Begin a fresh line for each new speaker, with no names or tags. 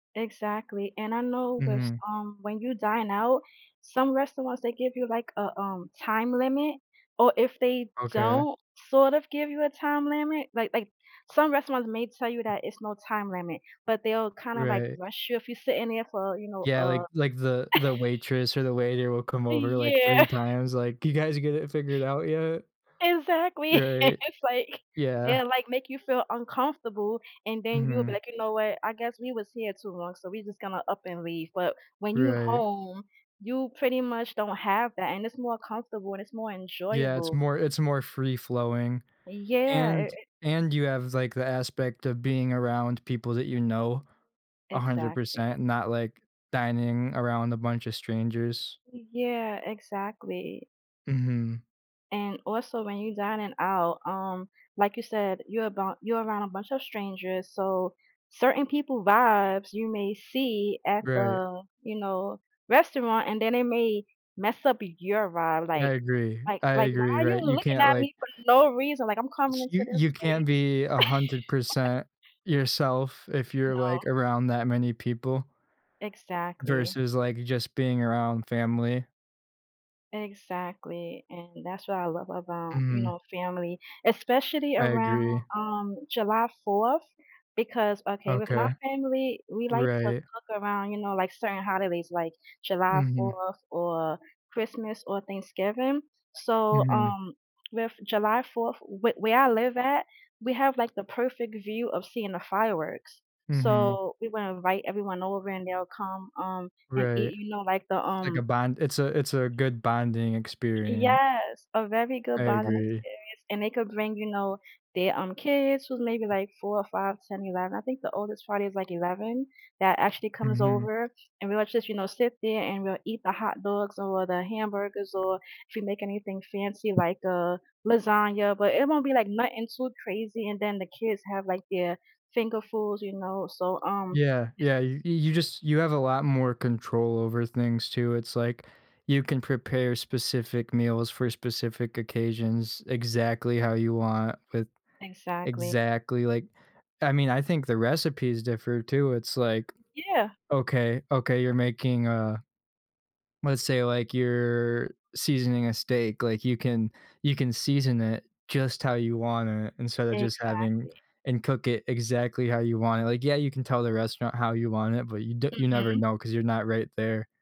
Exactly, and I know thas
Mhm.
um, when you dine out, some restaurants they give you, like, a, um, time limit or if they
Okay.
don't sort of give you a time limit, like like some restaurants may tell you that it's no time limit, but they'll kinda, like,
Right.
rush you if you sit in there for, you know,
Yeah,
uh
like like the the waitress or the waiter will come over like
Yeah.
3 times, like, "You guys get it figured out yet?"
Exactly,
Right.
it's like,
Yeah.
they'll, like, make you feel uncomfortable and then you'll be
Mhm.
like, "You know what, I guess we was here too long, so we're just gonna up and leave," but when you're
Right.
home, you pretty much don't have that and it's more comfortable and it's more
Yeah, it's
enjoyable.
more it's more free-flowing,
Yeah, i
and
eh
and you have, like, the aspect of being around people that you know, hundred
Exactly.
percent, not like dining around a bunch of strangers.
Yeah, exactly.
Mhm.
And also, when you're dining out, um, like you said, you're about you're around a bunch of strangers, so, certain people vibes you may see at
Right.
the, you know, restaurant, and then they may mess up your vibe,
I
like
agree,
like
I
like, "Why
agree,
are you
right? You
looking
can't
at
like
me for no reason, like, I'm coming
S
into
you
this
you can't
place"
be a hundred percent yourself if you're,
No.
like, around that many people
Exactly.
versus, like, just being around family.
Exactly, and that's what I love about, you
Mhm.
know, family, especially
I
around,
agree.
um, July 4th, because okay, with my
Okay.
family, we like to
Right.
look around, you know, like, certain holidays, like, July
Mhm.
4th or Christmas or Thanksgiving, so,
Mhm.
um, with July 4th, where where I live at, we have, like, the perfect view of seeing the fireworks,
Mhm.
so we wanna invite everyone over and they'll come, um, and
Right.
eat, you know, like, the,
Like a
um
bond it's a it's a good bonding experien
Yes, a very
I
good bonding
agree.
experience, and they could bring, you know, their, um, kids who's maybe, like, 4 or 5, 10, 11. I think the oldest party is, like, 11 that actually comes
Mhm.
over and we'll just, you know, sit there and we'll eat the hot dogs or the hamburgers, or if we make anything fancy, like, a lasagna, but it won't be, like, nothing too crazy and then the kids have, like, their finger foods, you know, so, um
Yeah, yeah, y you just you have a lot more control over things too. It's like, you can prepare specific meals for specific occasions exactly how you want with
Exactly.
exactly, like, I mean, I think the recipes differ too. It's like,
Yeah.
okay, okay, you're making a let's say, like, you're seasoning a steak, like, you can you can season it just how you want it instead of just having
Exactly.
and cook it exactly how you want it. Like, yeah, you can tell the restaurant how you want it, but you d you never
Mhm.
know 'cause you're not right there.